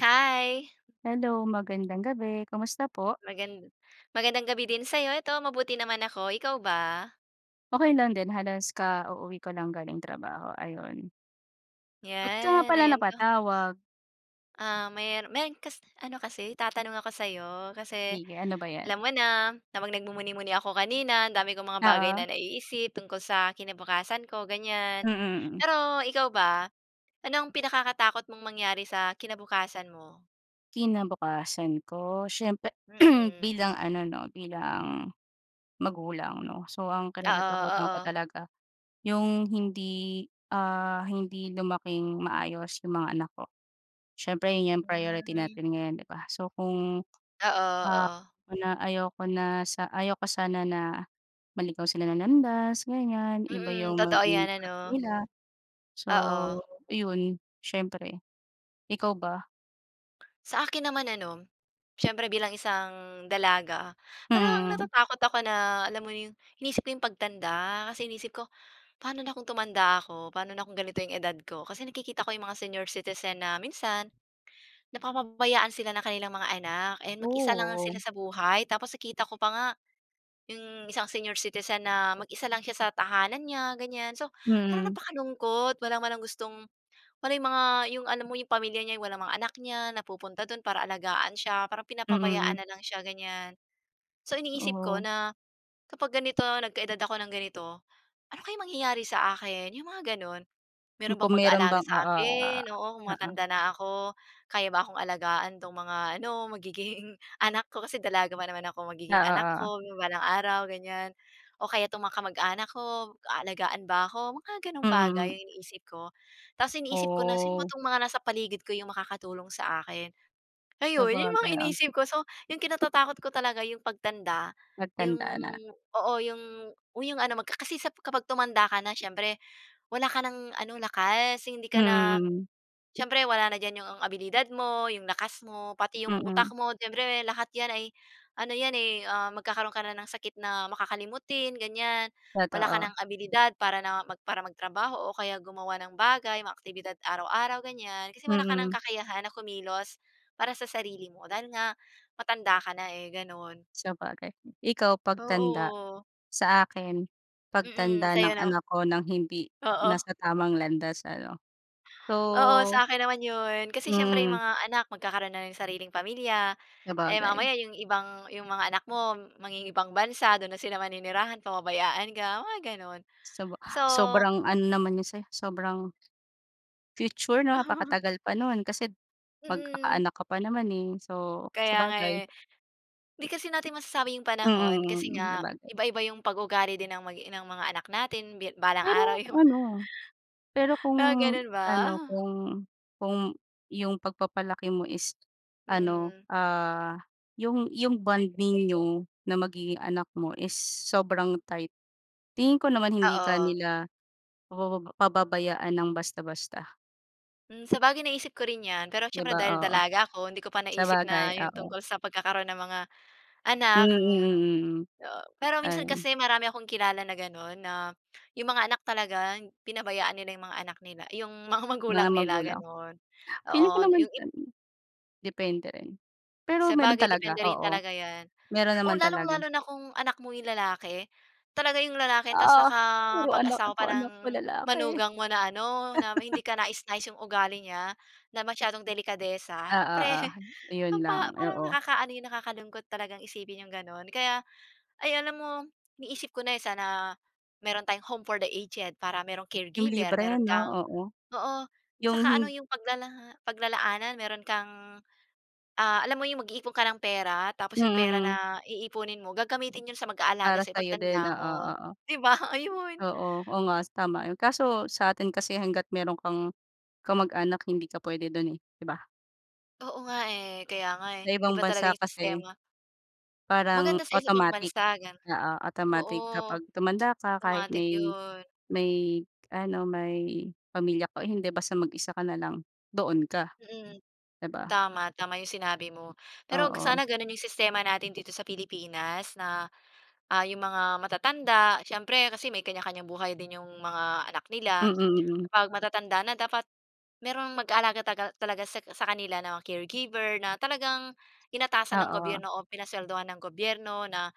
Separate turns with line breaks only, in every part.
Hi.
Hello. Magandang gabi. Kamusta po?
Magan magandang gabi din sa 'yo. Ito mabuti naman ako. Ikaw ba?
Okey lang din. Halos ka-uuwi ko lang galing trabaho ayun. Bakit ka nga
'Yan,
pala
ayan ka.
napatawag?
Ah, mer meron kas ano kasi itatanong ako sa 'yo. Kasi
Sige. Ano ba yan?
alam mo na, habang nagmumuni-muni ako kanina ang dami kong mga bagay
Oo.
na naiisip tungkol sa kinabukasan ko, ganyan.
Mm. Mm.
Pero ikaw ba, ano ang pinakakatakot mong mangyari sa kinabukasan mo?
Kinabukasan ko, syempre
Mm.
bilang ano 'no, bilang magulang 'no, so ang
Oo.
kinatatakutan ko
Oo.
talaga yung hindi, ah, hindi lumaking maayos yung mga anak ko. Siyempre 'yon 'yong priority
Hmm.
natin ngayon 'di ba? So, kung,
Oo.
ah,
Oo.
na ayaw ko na sa ayaw ko sana na maligaw sila ng landas ganyan, iba
Mm.
yung
Totoo
maging
'yan
path
ano?
nila, so
Oo.
iyon siyempre. Ikaw ba?
Sa akin naman ano, siyempre bilang isang dalaga, parang
Mm.
natatakot ako na alam mo yung inisip ko yung pagtanda. Kasi iniisip ko, paano na kung tumanda ako? Paano na kung ganito yung edad ko? Kasi nakikita ko yung mga senior citizen na minsan, napapabayaan sila ng kanilang mga anak, eh, mag-isa lang
Oh,
sila
o.
sa buhay. Tapos nakita ko pa nga yung isang senior citizen na mag-isa lang siya sa tahanan niya ganyan. So, parang
Mm.
napakalungkot wala man lang gustong wala yung mga yung alam mo yung pamilya niya, walang mga anak niya na pupunta dun para alagaan siya, parang
Mm, mm.
pinapabayaan nalang siya ganyan. So iniisip ko
Totoo.
na kapag ganito nagka-edad ako ng ganito, ano kaya mangyayari sa akin? Yung mga ganon, meron
Kung
bang
meron
mag-aalaga
bang,
sa
oo, ah,
akin, oo, kung
oo.
matanda na ako? Kaya ba akong alagaan 'tong mga ano magiging anak ko, kasi dalaga pa naman ako,
Oo.
magiging anak
Oo.
ko balang araw, ganyan, o kaya 'tong mga kamag-anak ko aalagaan ba ako? Mga gano'ng bagay
Mm.
yung iniisip ko. Tapos iniisip ko na, sino ba
Oh.
'tong mga nasa paligid ko yung makakatulong sa akin? Ayun, yung mga
Sabagay, ah.
iniisip ko. So yung kinatatakot ko talaga yung pagtanda, yung
Pagtanda na.
oo, yung yung ano kasi sa kapag tumanda ka na syempre wala ka ng ano lakas, hindi
Mm.
ka na
Mm.
syempre wala na dyan yung abilidad mo, yung lakas mo, pati yung utak
Mm.
mo, siyempre lahat yan ay ano yan eh, ah, magkakaroon ka na ng sakit na makakalimutin ganyan, wala ka
Totoo.
ng abilidad para na para magtrabaho, o kaya gumawa ng bagay mga aktibidad araw-araw ganyan. Kasi wala ka ng
Mm.
kakayahan na kumilos para sa sarili mo dahil nga matanda ka na eh, gano'n.
Sabagay, ikaw pagtanda,
Oo.
sa akin
Mm.
pagtanda ng
Sa'yo naman.
anak ko ng hindi
Oo.
nasa tamang landas ano
Oo,
so,
sa akin naman 'yon. Kasi syempre, yung
Mm.
mga anak magkakaroon na ng sariling pamilya, eh,
Sabagay.
mamaya yung ibang yung mga anak mo, mangingibang bansa, doon na sila maninirahan, pababayaan ka, mga gano'n,
Saba
so
sobrang ano naman 'yon sa 'yo sobrang future napakatagal pa nun. Kasi
Mm.
magkaka-anak ka pa naman eh, so
Kaya nga
sabagay.
eh. Hindi kasi natin masasabi yung panahon kasi
Mm. Mm.
nga
Sabagay.
iba-iba 'yung pag-uugali din ng magi ng mga anak natin bi balang araw
Pero
yung
ano, pero kung
pero ganun ba?
ano, kung kung yung pagpapalaki mo is ano,
Mm.
ah, yung yung bond ninyo ng magiging anak mo is sobrang tight tingin ko naman hindi ka
Oo.
nila pababa pababayaan ng basta-basta.
Hmm, sabagay naisip ko rin 'yan. Pero
'Di
siyempre,
ba,
dahil
oo.
dalaga ako, hindi ko pa naisip
Sabagay,
na yung
oo.
tungkol sa pagkakaroon ng mga
Hmm,
anak,
mm,
hmm.
mm, hmm.
O, pero minsan
Ayan.
kasi marami akong kilala na gano'n, na 'yung mga anak talaga, pinabayaan nila yung mga anak nila, 'yung mga
Mga
magulang nila,
magulang?
gano'n. Oo,
Feeling ko naman
yung ib
ano, depende rin, pero meron
Sabagay,
talaga,
depende rin
oo.
talaga 'yan.
Meron
O,
naman
lalong
talaga.
lalo na kung anak mo yung lalaki? Talaga yung lalaki tas
Ah, puro anak
nakapag-asawa pa
puro anak ko
ng
lalaki.
manugang mo na ano, na hindi kanais-nais yung ugali niya, na masyadong delikadesa.
Ah,
Siyempre
oo. Ayun lang,
pampa parang
oo.
nakakaano 'yun, nakakalungkot talagang isipin yung gano'n. Kaya ay, alam mo, iniisip ko na, eh, sana meron tayong home for the aged, para mayro'ng
Yung
caregiver,
libre
mayro'n
'no.
kang
Oo,
oo,
yung
saka ano,
hin
yung paglala paglalaanan. Meron kang, ah, alam mo 'yung mag-iipon ka ng pera tapos yung pera
Mm, hmm.
na iipunin mo, gagamitin 'yon sa mag-aalaga
Para
sa'yo
sa'yo din.
pagtanda
Oo,
mo,
oo.
'di ba? Ayun.
Oo. Oo nga, tama 'yon. Kaso sa atin kasi hangga't meron kang kamag-anak, hindi ka puwede do'n, eh, 'di ba?
Oo nga, eh. Kaya nga, eh.
Sa ibang
Iba talaga
bansa
yung
kasi
sistema.
parang
Maganda sa isa pang
automatic
bansa, gano'n.
oo, automatic
Oo,
kapag tumanda ka, kahit
automatic
may
yun.
may ano, may pamilya ka o hindi basta mag-isa ka na lang, doon ka.
Mm.
Di ba?
Tama, tama yung sinabi mo. Pero 'wag
Oo.
sana ganun yung sistema natin dito sa Pilipinas na, ah, yung mga matatanda, siyempre kasi may kanya-kanyang buhay din yung mga anak nila.
Mm, mm.
Kapag matatanda na dapat merong mag-aalaga tagal talaga sa sa kanila 'no, caregiver na talagang inatasan ng
Oo.
gobyerno o pinaswelduhan ng gobyerno na,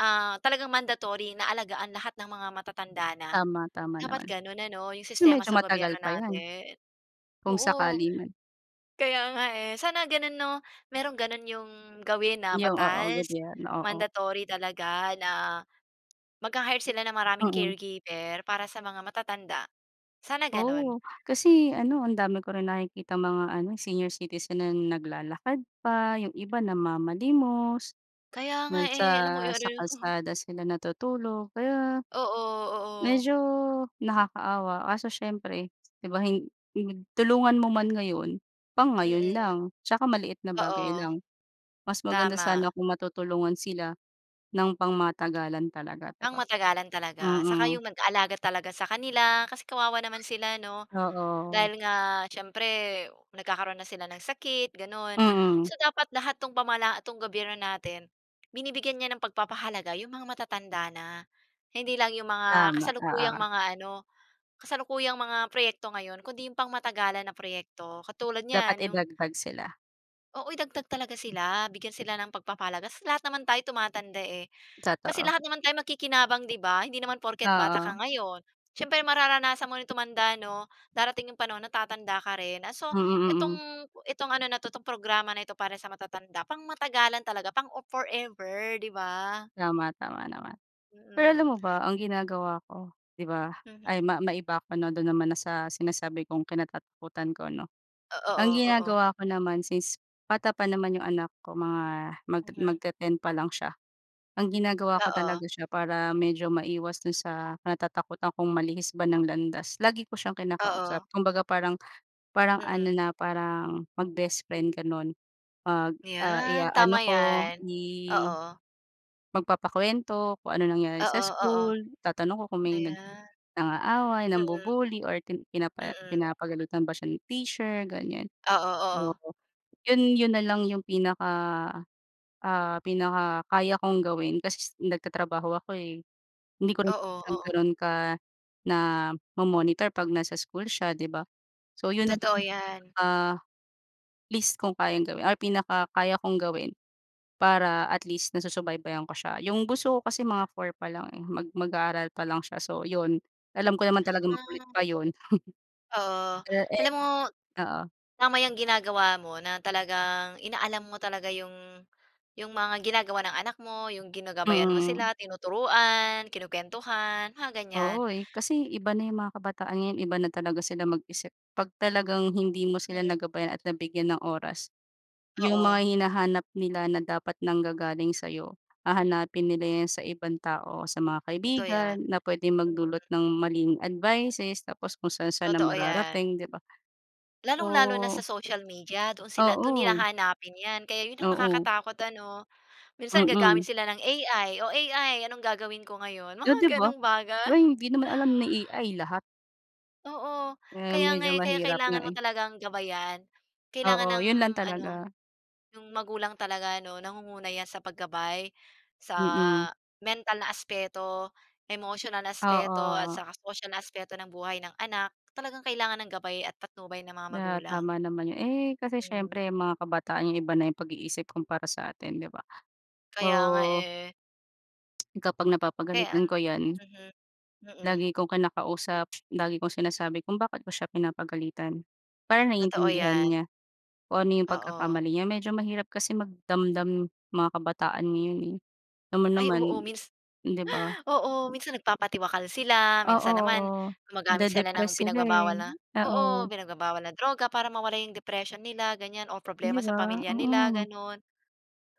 ah, talagang mandatory na alagaan lahat ng mga matatanda na.
Tama, tama
Dapat
naman.
gano'n ano, yung
Kasi
sistema
medyo
sa
matagal
gobyerno
pa 'yan.
natin.
Kung
Oo.
sakali man.
Kaya nga, eh. Sana ganun 'no, merong gano'n yung gawin na
Yung oo,
batas,
gobyerno. Oo.
mandatory talaga na, magha-hire sila ng maraming
Mm.
caregiver para sa mga matatanda, sana gano'n.
Oo, kasi ano, ang dami ko rin nakikitang mga ano, senior citizen na naglalakad pa, yung iba namamalimos,
Kaya nga, eh, alam mo
nasa
yun ano,
sa
ano.
kalsada sila natutulog, kaya
Oo, oo.
medyo nakakaawa, kaso siyempre, di ba, hin yun, tulungan mo man ngayon, pang ngayon
Mm.
lang, tsaka maliit na bagay
Oo.
lang, mas maganda sana
Tama.
kung matutulungan sila ng pangmatagalan talaga, di ba?
Pangmatagalan talaga. Saka yung
Mm.
nag-alaga talaga sa kanila, kasi kawawa naman sila 'no.
Oo.
Dahil nga, siyempre, nagkakaroon na sila ng sakit gano'n,
Mm.
so dapat lahat 'tong pamala 'tong gobyerno natin, binibigyan niya ng pagpapahalaga yung mga matatanda na. Hindi lang yung mga
Tama, oo.
kasalukuyang mga ano, kasalukuyang mga proyekto ngayon, kundi yung pangmatagalan na proyekto, katulad
Dapat
niyan yung
idagdag sila.
Oo, idagdag talaga sila bigyan sila ng pagpapahalaga kasi lahat naman tayo tumatanda, eh. Kasi
Totoo.
lahat naman tayo makikinabang 'di ba, hindi naman porke't bata ka
Oo.
ngayon, siyempre mararanasan mo ring tumanda 'no. Darating yung panahon na tatanda ka rin, ah, so
Mm, mm.
itong, itong ano na 'to 'tong programa na 'to para sa matatanda pang-matagalan talaga pang-forever 'di ba?
Tama, tama naman. Pero alam
Mm.
mo ba ang ginagawa ko, 'di ba ay
Mhm.
ma maiba ako 'no, do'n naman na sa sinasabi kong kinatatakutan ko 'no. Ang
Oo, oo.
ginagawa ko naman since bata pa naman yung anak ko mga magte
Mhm.
magte-10 pa lang siya. Ang ginagawa ko
Oo.
talaga siya para medyo maiwas do'n sa kinatatakutan kong malihis ba ng landas lagi ko siyang kinakausap
Oo.
kumbaga parang, parang ano
Mm.
na parang mag-best friend gano'n. 'Pag, ah
Iyan, tama
i-aano ko
'yan.
i
Oo.
magpapa-kuwento kung ano nangyari sa
Oo, oo.
school, tatanong ko kung may nag
Ayan.
nang-aaway
Mm.
nambu-buly or pin pinapa
Mm.
pinapagalitan ba siya ni teacher ganiyan.
Oo,
Oo.
oo.
'Yon, 'yon nalang yung pinaka ah, pinaka-kaya kong gawin kasi nagtatrabaho ako, eh. Hindi ko rin
Oo,
siya
oo.
gano'n ka, namo-monitor 'pag nasa school siya 'di ba. So, 'yon nalang,
Totoo 'yan.
ah, least kung kayang gawin ay pinaka-kaya kong gawin. Para at least nasusubaybayan ko siya, yung bunso ko kasi mga 4 pa lang, eh, mag mag-aaral pa lang siya so 'yon, alam ko naman talagang makulit
Ah.
pa 'yon.
Oo.
Ah, eh.
Alam mo,
Oo.
tama 'yang ginagawa mo na talagang inaalam mo talaga 'yong, 'yong mga ginagawa ng anak mo, 'yong ginagabayan mo
Mm.
sila, tinuturuan, kinukwentuhan, mga ganiyan.
Oo, eh. Kasi iba na yung mga kabataan ngayon iba na talaga sila mag-isip, 'pag talagang hindi mo sila
Mm.
nagabayan at nabigyan ng oras. Yung mga
Oo.
hinahanap nila na dapat nanggagaling sa'yo hahanapin nila yan sa ibang tao, sa mga
Totoo
kaibigan
'yan.
na puwedeng magdulot
Mm.
ng maling advices, tapos kung saan-saan na
Totoo 'yan.
mararating 'di ba.
Lalong-lalo na sa
So
social media doon sila do'n nila
Oo.
hahanapin 'yan kaya 'yon ang
Oo.
nakakatakot ano? Minsan gagamit
Mm.
sila ng AI o AI anong gagawin ko ngayon
Eh, 'di
mga
ba?
ganung bagay.
Ay hindi naman alam ni AI lahat.
Oo.
Eh,
Kaya nga,
medyo
eh. Kaya
mahirap nga,
kailangan mo
eh.
talagang gabayan. Kailangan
Oo,
ng
yun lang
ano,
talaga.
yung magulang talaga, ‘no? Nangunguna yan sa paggabay, sa
Mm.
mental na aspeto, emotional na aspeto, at
Oo. Oo.
saka sosyal na aspeto ng buhay ng anak. Talagang kailangan ng gabay at patnubay ng mga
Ah,
magulang.
tama naman yun. Eh, kasi
Hmm.
siyempre, mga kabataan yung iba na yung pag-iisip kumpara sa atin, ‘di ba?
Kaya nga,
So
eh.
Kapag napapagalitan
Kaya.
ko yan
Mhm. Mm.
lagi kong kinakausap. Lagi kong sinasabi kung bakit ko siya pinapagalitan para
Totoo
naiintindihan
'yan.
niya kung ano yung
Oo.
pagkakamali niya. Medyo mahirap kasi magdamdam mga kabataan ngayon, eh. Alam mo
Ay,
naman,
oo. Mins
‘di ba?
oo, minsan nagpapatiwakal sila,
Oo,
minsan naman
oo.
gumagamit sila
Made-depress
ng
sila,
pinagbabawal
eh.
na oo,
Oo.
pinagbabawal na droga para mawala yung depression nila ganyan or
‘Di
problema sa
ba?
pamilya nila,
Oo.
gano’n.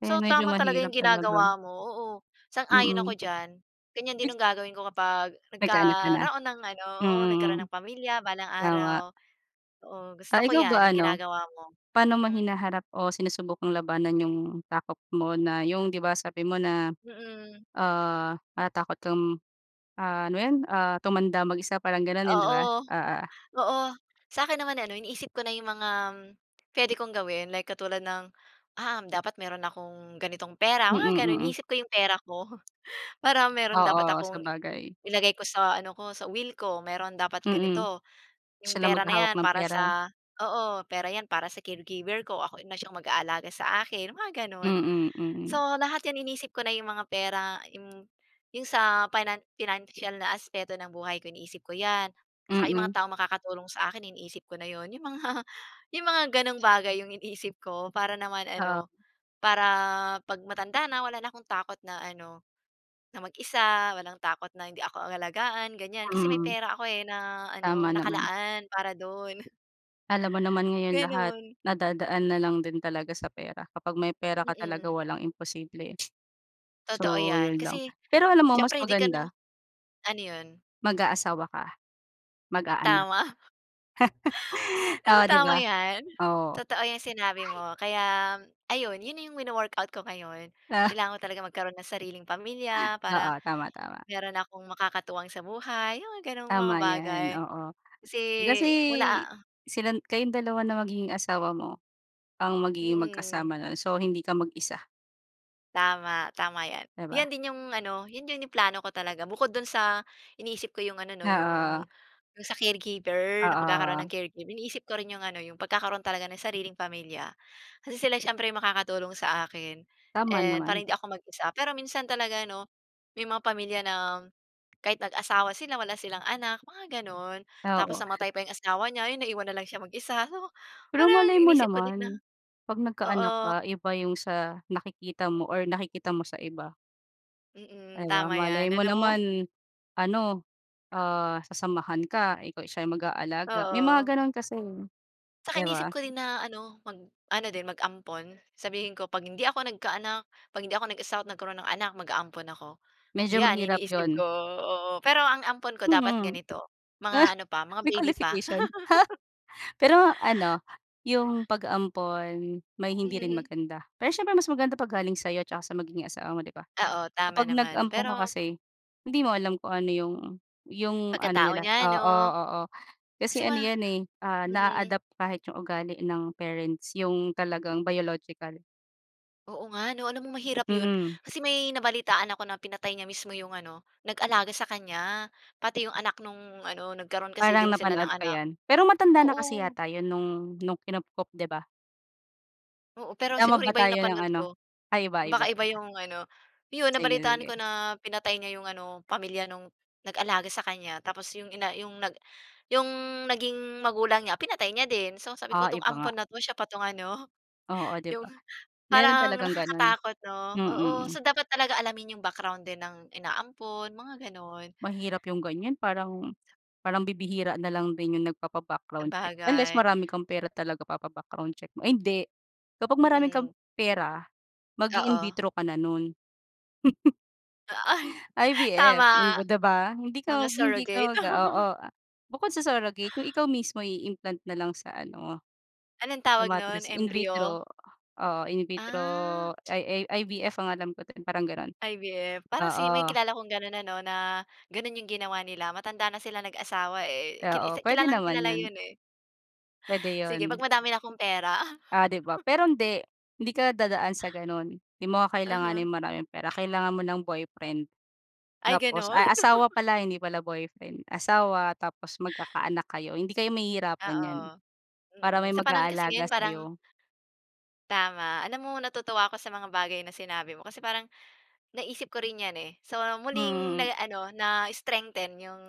Kaya
So,
medyo
tamang talaga
mahirap
yung
talaga.
ginagawa mo. Oo, sang-ayon ako
Mm.
diyan, ganyan din ang gagawin ko kapag
Nagkaanak ka na?
nagkaroon ng ano
Mm,
oo,
mm.
nagkaroon ng pamilya balang
Tama.
araw. Oo, gusto
Ah,
ko
ikaw
yan
ba
yung
ano,
ginagawa mo.
paano mo
Mhm.
hinaharap o sinusubukang labanan yung takot mo na yung ‘di ba, sabi mo na,
Mm.
ah, natatakot kang, ah ano yun, ah, tumanda mag-isa, parang ganun yun, ‘di ba?
Oo,
Oo.
oo. Sa'kin naman ano, iniisip ko na ‘yong mga pwede kong gawin. Like katulad ng, um, dapat meron akong ganitong pera, mga
Mm,
gano’n.
mm.
Iniisip ko ’yong pera ko, para meron dapat
Oo,
akong
sabagay.
ilagay ko sa ano ko, sa will ko. Meron dapat
Mm.
ganito, ’yong
Siya na
pera na
maghahawak
yan
ng
para
pera.
sa oo, pera ’yan para sa caregiver ko. Ako na siyang mag-aalaga sa akin, mga ganun.
Mm, mm.
So lahat yan iniisip ko na yung mga pera, im yung sa finan financial na aspeto ng buhay ko iniisip ko yan. Tsaka yung mga
Mm.
taong makakatulong sa akin, iniisip ko na yun. Yung mga yung mga gano’ng bagay yung iniisip ko para naman
Oo.
ano, para ‘pag matanda na, wala na akong takot na ano, na mag-isa. Walang takot na hindi ako alagaan, ganiyan. Kasi may
Mm.
pera ako, eh, na ano
Tama naman.
nakalaan para dun.
Alam mo naman ngayon lahat
Ganun.
nadadaan na lang din talaga sa pera. Kapag may pera ka talaga
Mm.
walang imposible.
Totoo
So
'yan.
yun lang.
Kasi
Pero alam mo mas
siyempre 'di ka na
maganda
ano 'yon?
mag-aasawa ka, mag-aanak.
Tama. Alalm mo
Oo, ‘di
tama
ba?
'yan.
Oo.
Totoo ‘yang sinabi mo. Kaya ayun, yun na yung wino-workout ko ngayon.
Ah.
Kailangan ko talaga magkaroon ng sariling pamilya para
Oo, tama tama.
meron akong makakatuwang sa buhay. Yung ganong mga
Tama yan,
bagay,
oo.
kasi
Kasi
wala, ah
silan kayong dalawa ng magiging asawa mo ang magiging
Mm.
magkasama nun. So, hindi ka mag-isa.
Tama, tama yan.
'Di ba?
Yan din yung ano, 'yon yung yung plano ko talaga bukod do'n sa iniisip ko yung ano 'no, yung,
Oo.
yung sa caregiver na pagkakaroon
Oo.
ng caregiver. Iniisip ko rin yung ano yung pagkakaroon talaga ng sariling pamilya kasi sila siyempre makakatulong sa akin
Tama
and
naman.
para hindi ako mag-isa. Pero minsan talaga 'no, may mga pamilya na kahit nag-asawa sila wala silang anak mga gano'n. Tapos
Oo.
namatay pa yung asawa nya, ayun naiwan na lang siya mag-isa, 'no
Pero
parang
malay mo
inisip ko din na
naman pag nagka-anak
oo.
ka, iba yung sa nakikita mo or nakikita mo sa iba. Di
Mm,
ba,
tama
malay
yan
mo
alam mo
naman ano, ah, sasamahan ka ikaw siya mag aalaga may mga
Oo.
ganon kasi, eh
'Saka
di
inisip
ba?
ko din na ano mag ano din mag-ampon sabihin ko pag hindi ako nagka-anak, pag hindi ako nag-asawa't nagkaroon ng anak maga-ampon ako.
Medyo
Yan
mahirap
iniisip
'yon.
ko, oo. Pero ang ampon ko dapat
Mhm.
ganito mga
Ah,
ano pa, mga
May
baby pa.
qualification, Pero ano yung pag-ampon may hindi rin
Mhm.
maganda pero siyempre mas maganda pag galing sayo 'tsaka sa magiging asawa mo 'di ba?
Oo, tama
Kapag
naman
nag-ampon ka
pero
kasi hindi mo alam kung ano yung, yung ano
Pagkatao
nila
nya
oo,
'no?
oo
Kasi
kasi
ma
ano yan, eh, ah,
mhm.
naa-adopt kahit yung ugali ng parents, yung talagang biological.
Oo nga 'no, alam mo mahirap ’yon.
Mm.
Kasi may nabalitaan ako na pinatay niya mismo ’yong ano, nag-alaga sa kanya. pati ’yong anak nung ano, nagkaroon kasi
Parang
din sila
napanood
ng
ko
anak.
yan, pero matanda na kasi
Oo.
yata 'yon, nung nung kinupkop, 'di ba?
Oo, pero
Tama
siguro
ba
iba ’yong
tayo, ng
napanood
ano?
ko.
Ay, iba, iba,
Baka iba
iba.
’yong ano, ’yon,
Sige,
nabalitaan ko
sige.
na pinatay niya ’yong ano pamilya nung, nag-alaga sa kanya, tapos ’yong ina ’yong nag, ’yong naging magulang niya, pinatay niya din. So, sabi ko
Ah,
"'Tong
iba nga.
ampon na' to, siya pa 'tong ano,
Oo, 'di
’yong",
ba. Meron
parang
talagang gano'n,
nakakatakot 'no,
mm,
oo.
hmm.
So, dapat talaga alamin ’yong background din ng inaampon, mga gano'n.
Mahirap 'yong ganyan parang parang bibihira na lang din 'yong nagpapa-background check, unless,
Sabagay.
marami kang pera talaga papa-background check mo, ay, hindi, kapag marami kang
Mm.
pera mag-i-in
Oo.
vitro ka na no'n.
A ay,
IVF,
tama.
hmm, 'di ba? Hindi
Mga
ka hindi ka
surrogate.
mag oo, ah, bukod sa surrogate 'yong ikaw mismo i-implant na lang sa ano,
Anong
sa
tawag nun,
matres. In
embryo.
vitro, oo, in vitro,
Ah.
i, IVF ang alam ko do'n, parang gano'n.
IVF, parang si may
Oo.
kilala kong gano'n ano na, gano'n 'yong ginawa nila, matanda na sila nag-asawa eh. Kil
Oo,
isa
puwede naman
kilalang-kilala
'yon.
'yon eh.
Puwede
Sige,
'yon.
'pag madami na 'kong pera.
Ah, 'di ba. Pero hindi, hindi ka dadaan sa gano'n, 'di mo
Uh-huh.
kakailanganing maraming pera kailangan mo ng boyfriend.
Ay,
Tapos,
gano'n.
ay asawa pala, hindi pala boyfriend, asawa tapos magkakaanak kayo hindi kayo mahihirapan
Oo,
niyan. Para
mm.
may
Sa panahon kasi
mag-aalaga
ngayon parang
sa'yo.
Tama, alam mo natutuwa ako sa mga bagay na sinabi mo kasi parang, naisip ko rin yan eh, so,
Hmm,
muling
mm.
nag ano, na-strengthen 'yong,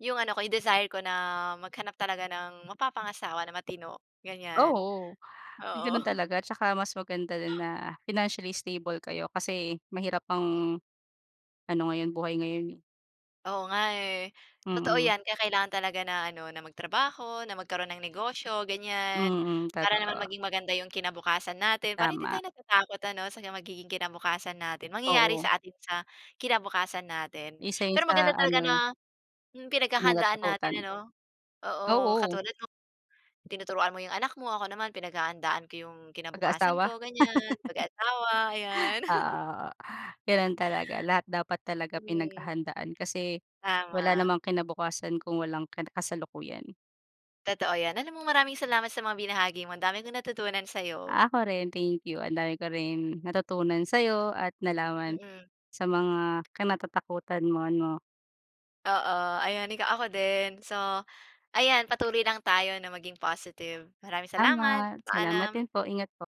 'yong ano ko, 'yong desire ko na, maghanap talaga ng mapapangasawa na matino, ganyan,
Oo,
oo.
gano'n talaga tsaka mas maganda din na financially stable kayo, kasi mahirap
Mm.
ang ano ngayon, buhay ngayon eh.
Oo nga eh. Totoo
Mm.
yan, kaya kailangan talaga na ano, na magtrabaho, na magkaroon ng negosyo, ganyan.
Mm,
Para naman
totoo.
maging maganda 'yong kinabukasan natin, para hindi
Tama.
tayo natatakot ano, sa magiging kinabukasan natin, mangyayari
Oo.
sa atin sa kinabukasan natin.
Isa 'yon
Pero
sa,
maganda talaga
ano
na,
eh
hmm, pinaghahandaan natin
kinatatakutan.
ano, oo,
Oo.
katulad mo tinuturuan mo 'yong anak mo ako, naman pinaghahandaan ko 'yong kinabukasan
Pag-aasawa?
ko, ganyan, pag-aasawa, ayan.
Oo, oo, gano'n talaga lahat dapat talaga
Korek.
pinaghahandaan kasi, wala
Tama.
namang kinabukasan kung walang kina kasalukuyan.
Totoo yan, alam mo, maraming salamat sa mga binahagi mo, ang dami kong natutunan sa'yo.
Ako rin, thank you. Ang dami ko rin, natutunan sa'yo at nalaman
Mm.
sa mga kinatatakutan mo ano.
Oo, ayan ika ako din. So, ayan patuloy lang tayo na maging positive. Maraming salamat,
Salamat, salamat din
paalam.
po, ingat po.